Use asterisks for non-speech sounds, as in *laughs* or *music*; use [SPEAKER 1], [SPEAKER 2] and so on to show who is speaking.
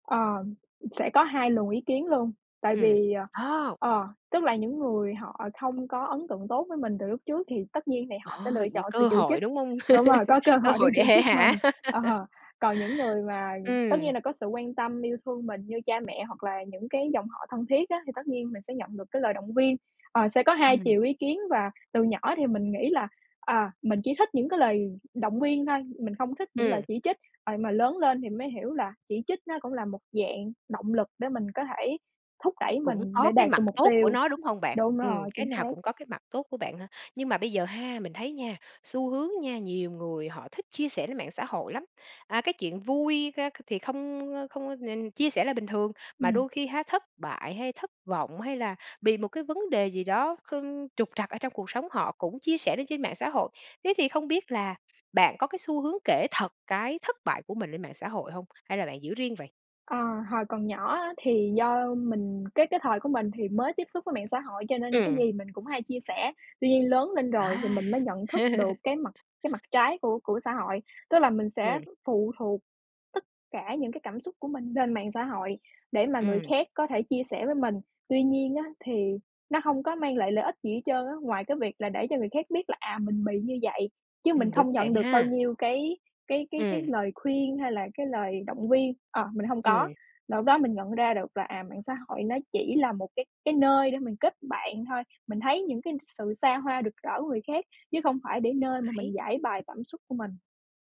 [SPEAKER 1] Ờm, sẽ có 2 luồng ý kiến luôn. Tại
[SPEAKER 2] Ừm,
[SPEAKER 1] vì, ờ
[SPEAKER 2] ồ!
[SPEAKER 1] ờ, tức là những người họ không có ấn tượng tốt với mình từ lúc trước thì tất nhiên thì họ
[SPEAKER 2] Ờ,
[SPEAKER 1] sẽ lựa
[SPEAKER 2] nh
[SPEAKER 1] chọn sự
[SPEAKER 2] cơ
[SPEAKER 1] chỉ
[SPEAKER 2] hội,
[SPEAKER 1] trích
[SPEAKER 2] đúng hông?
[SPEAKER 1] đúng rồi,
[SPEAKER 2] *laughs*
[SPEAKER 1] có cơ
[SPEAKER 2] Cơ
[SPEAKER 1] hội để
[SPEAKER 2] hội
[SPEAKER 1] chỉ
[SPEAKER 2] để hể
[SPEAKER 1] trích mình
[SPEAKER 2] hả.
[SPEAKER 1] ờ,
[SPEAKER 2] *laughs*
[SPEAKER 1] còn những người mà tất
[SPEAKER 2] Ừm.
[SPEAKER 1] nhiên là có sự quan tâm, yêu thương mình như cha mẹ hoặc là những cái dòng họ thân thiết á thì tất nhiên mình sẽ nhận được cái lời động viên. Ờ, sẽ có 2 chiều
[SPEAKER 2] Ừm.
[SPEAKER 1] ý kiến và từ nhỏ thì mình nghĩ là, à, mình chỉ thích những cái lời động viên thôi, mình không thích những lời
[SPEAKER 2] Ừm.
[SPEAKER 1] chỉ trích. Ờ, nhưng mà lớn lên thì mới hiểu là chỉ trích nó cũng là một dạng động lực để mình có thể thúc đẩy
[SPEAKER 2] Cũng
[SPEAKER 1] mình
[SPEAKER 2] có
[SPEAKER 1] để
[SPEAKER 2] cái
[SPEAKER 1] đạt
[SPEAKER 2] mặt
[SPEAKER 1] được mục
[SPEAKER 2] tốt của
[SPEAKER 1] tiêu.
[SPEAKER 2] nó, đúng hông bạn?
[SPEAKER 1] Đúng
[SPEAKER 2] Ừm,
[SPEAKER 1] rồi,
[SPEAKER 2] cái
[SPEAKER 1] chính
[SPEAKER 2] nào
[SPEAKER 1] xác.
[SPEAKER 2] cũng có cái mặt tốt của bạn hả? Nhưng mà bây giờ ha, mình thấy nha, xu hướng nha, nhiều người họ thích chia sẻ lên mạng xã hội lắm. À, cái chuyện vui ca c thì không, ơ, không có nên chia sẻ là bình thường. Mà
[SPEAKER 1] Ừm.
[SPEAKER 2] đôi khi ha, thất bại hay thất vọng, hay là bị một cái vấn đề gì đó kh trục trặc ở trong cuộc sống họ cũng chia sẻ lên trên mạng xã hội. Thế thì không biết là bạn có cái xu hướng kể thật cái thất bại của mình lên mạng xã hội hông? Hay là bạn giữ riêng vậy?
[SPEAKER 1] Ờ, hồi còn nhỏ á, thì do mình cái cái thời của mình thì mới tiếp xúc với mạng xã hội cho nên cái
[SPEAKER 2] Ừm.
[SPEAKER 1] gì mình cũng hay chia sẻ. Tuy nhiên, lớn lên rồi thì
[SPEAKER 2] À!
[SPEAKER 1] mình mới nhận thức được
[SPEAKER 2] *laughs*
[SPEAKER 1] cái mặt cái mặt trái của của xã hội. Tức là mình sẽ
[SPEAKER 2] Ừm.
[SPEAKER 1] phụ thuộc tất cả những cái cảm xúc của mình lên mạng xã hội để mà người
[SPEAKER 2] Ừm.
[SPEAKER 1] khác có thể chia sẻ với mình. Tuy nhiên á, thì nó hông có mang lại lợi ích gì hết trơn á, ngoài cái việc là để cho người khác biết là, à, mình bị như vậy, chứ mình
[SPEAKER 2] Ừm,
[SPEAKER 1] không
[SPEAKER 2] đúng
[SPEAKER 1] nhận
[SPEAKER 2] bạn
[SPEAKER 1] được bao
[SPEAKER 2] ha.
[SPEAKER 1] nhiêu cái cái cái cái
[SPEAKER 2] Ừm.
[SPEAKER 1] lời khuyên hay là cái lời động viên, ờ, mình hông có.
[SPEAKER 2] Ừm.
[SPEAKER 1] Là lúc đó mình nhận ra được là, à, mạng xã hội nó chỉ là một cái cái nơi để mình kết bạn thôi, mình thấy những cái n sự xa hoa, rực rỡ của người khác, chứ không phải để
[SPEAKER 2] Ờ,
[SPEAKER 1] nơi mà
[SPEAKER 2] háy.
[SPEAKER 1] mình giãi bày cảm xúc của mình.